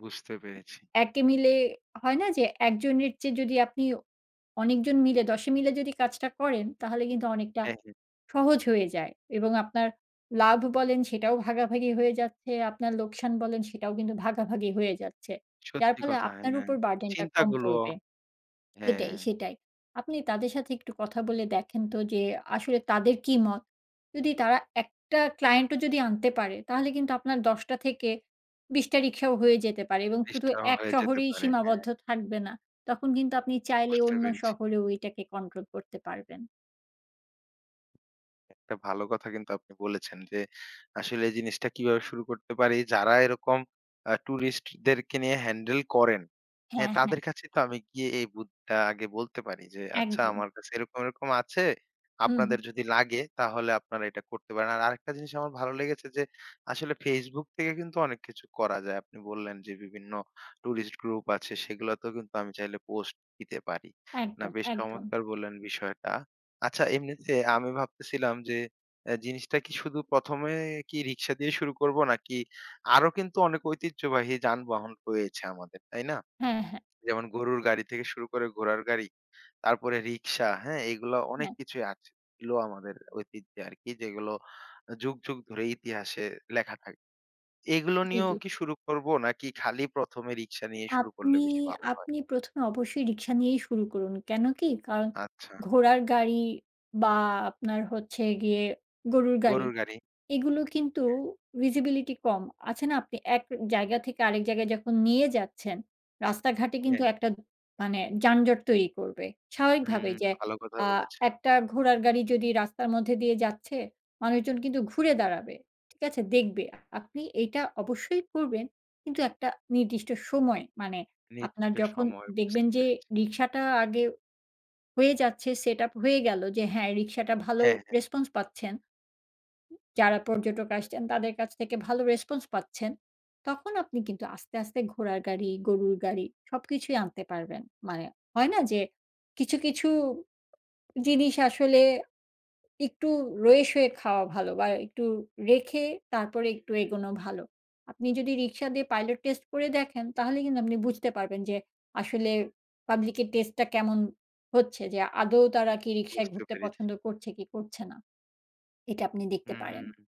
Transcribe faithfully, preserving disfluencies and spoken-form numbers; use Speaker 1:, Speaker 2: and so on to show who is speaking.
Speaker 1: বুঝতে পেরেছি।
Speaker 2: একে মিলে হয় না যে? একজনের চেয়ে যদি আপনি অনেকজন মিলে, দশে মিলে যদি কাজটা করেন, তাহলে কিন্তু অনেকটা
Speaker 1: হ্যাঁ, হ্যাঁ।
Speaker 2: সহজ হয়ে যায়। এবং আপনার লাভ বলেন, সেটাও ভাগাভাগি হয়ে যাচ্ছে, আপনার লোকসান বলেন, সেটাও কিন্তু ভাগাভাগি হয়ে যাচ্ছে। যার
Speaker 1: সত্যি
Speaker 2: ফলে
Speaker 1: কথা
Speaker 2: আপনার
Speaker 1: হ্যাঁ।
Speaker 2: উপর burden টা কম
Speaker 1: চিন্তাগুলো
Speaker 2: পড়বে সেটাই,
Speaker 1: হ্যাঁ।
Speaker 2: সেটাই। আপনি তাদের সাথে একটু কথা বলে দেখেন তো যে, আসলে তাদের কি মত। যদি তারা একটা ক্লায়েন্টও যদি আনতে পারে, তাহলে কিন্তু আপনার দশ টা থেকে বিশ টা রিক্সাও হয়ে যেতে পারে এবং
Speaker 1: বিশ
Speaker 2: শুধু
Speaker 1: টাও
Speaker 2: এক
Speaker 1: হয়ে যেতে
Speaker 2: শহরেই
Speaker 1: পারে, হ্যাঁ।
Speaker 2: সীমাবদ্ধ থাকবে না। তখন কিন্তু আপনি চাইলে
Speaker 1: বুঝতে
Speaker 2: অন্য
Speaker 1: পেরেছি।
Speaker 2: শহরেও এইটাকে কন্ট্রোল করতে পারবেন।
Speaker 1: একটা ভালো কথা কিন্তু আপনি বলেছেন যে, আসলে এই জিনিসটা কিভাবে শুরু করতে পারি, যারা এরকম আ টুরিস্ট দেরকে নিয়ে হ্যান্ডেল করেন হ্যাঁ,
Speaker 2: হ্যাঁ, হ্যাঁ।
Speaker 1: তাদের কাছে তো আমি গিয়ে এই বুদ টা আগে বলতে পারি যে, আচ্ছা
Speaker 2: একদম।
Speaker 1: আমার কাছে এরকম, এরকম আছে।
Speaker 2: হু, হু।
Speaker 1: আপনাদের যদি লাগে, তাহলে আপনারা এটা করতে পারেন। আর আরেকটা জিনিস আমার ভালো লেগেছে যে, আসলে Facebook থেকে কিন্তু অনেক কিছু করা যায়। আপনি বললেন যে, বিভিন্ন টুরিস্ট গ্রুপ আছে, সেগুলাতেও কিন্তু আমি চাইলে পোস্ট দিতে পারি। না,
Speaker 2: একদম,
Speaker 1: বেশ
Speaker 2: একদম।
Speaker 1: চমৎকার বললেন বিষয়টা! আচ্ছা, এমনিতে আমি ভাবতেছিলাম যে, অ্যা জিনিসটা কি শুধু প্রথম এ কি রিক্সা দিয়ে শুরু করবো? নাকি আরো কিন্তু অনেক ঐতিহ্যবাহী যানবাহন রয়েছে আমাদের, তাই না?
Speaker 2: হ্যাঁ, হ্যাঁ।
Speaker 1: যেমন গরুর গাড়ি থেকে শুরু করে ঘোড়ার গাড়ি, তারপরে রিক্সা, হ্যাঁ? এইগুলা অনেক
Speaker 2: হ্যাঁ।
Speaker 1: কিছুই আছে ইলো আমাদের ঐতিহ্য আরকি, যেগুলো আ যুগ, যুগ ধরে ইতিহাসে লেখা থাক এইগুলো
Speaker 2: জি,
Speaker 1: নিয়েও
Speaker 2: জি।
Speaker 1: কি শুরু করবো? নাকি খালি প্রথম এ রিক্সা নিয়ে শুরু করলে
Speaker 2: আপনি
Speaker 1: বেশি ভালো হয়?
Speaker 2: আপনি প্রথম এ অবশ্যই রিক্সা নিয়েই শুরু করুন, কেন কি? কারণ
Speaker 1: আচ্ছা।
Speaker 2: ঘোড়ার গাড়ি বা আপনার হচ্ছে গিয়ে গরুর গাড়ি।
Speaker 1: গরুর গাড়ি।
Speaker 2: এগুলো কিন্তু
Speaker 1: হ্যাঁ।
Speaker 2: visibility কম, আছে না? আপনি এক জায়গা থেকে আরেক জায়গায় যখন নিয়ে যাচ্ছেন, রাস্তাঘাটে কিন্তু
Speaker 1: হ্যাঁ।
Speaker 2: একটা মানে যানজট তৈরি করবে।
Speaker 1: হু,
Speaker 2: স্বাভাবিকভাবে
Speaker 1: হু
Speaker 2: যে
Speaker 1: ভালো কথা
Speaker 2: আ
Speaker 1: বলেছেন।
Speaker 2: একটা ঘোড়ার গাড়ি যদি রাস্তার মধ্যে দিয়ে যাচ্ছে, মানুষজন কিন্তু ঘুরে দাঁড়াবে, ঠিক আছে? দেখবে। [unintelligible] আপনি এইটা অবশ্যই করবেন। কিন্তু একটা নির্দিষ্ট সময়, মানে আপনার
Speaker 1: নির্দিষ্ট
Speaker 2: যখন
Speaker 1: সময়
Speaker 2: দেখবেন
Speaker 1: বুঝতে
Speaker 2: যে
Speaker 1: পেরেছি।
Speaker 2: রিক্সাটা আগে হয়ে যাচ্ছে, সেটআপ হয়ে গেলো, যে হ্যাঁ, রিক্সাটা ভালো
Speaker 1: হ্যাঁ, হ্যাঁ।
Speaker 2: রেসপন্স পাচ্ছেন যারা পর্যটক আসছেন, তাদের কাছ থেকে ভালো রেসপন্স পাচ্ছেন। তখন আপনি কিন্তু আস্তে, আস্তে ঘোড়ার গাড়ি, গরুর গাড়ি সবকিছুই আনতে পারবেন। মানে হয়না? যে কিছু, কিছু জিনিস আসলে একটু রয়েসয়ে খাওয়া ভালো বা একটু রেখে তারপরে একটু এগোনো ভালো। আপনি যদি রিক্সা দিয়ে পাইলট টেস্ট করে দেখেন, তাহলে কিন্তু আপনি বুঝতে পারবেন যে আসলে পাবলিক এর টেস্টটা কেমন হচ্ছে। যে আদৌ তারা কি রিক্সায়
Speaker 1: বুঝতে
Speaker 2: ঘুরতে
Speaker 1: পেরেছি।
Speaker 2: পছন্দ করছে, কি করছে না। এটা আপনি দেখতে পারেন।
Speaker 1: উহু।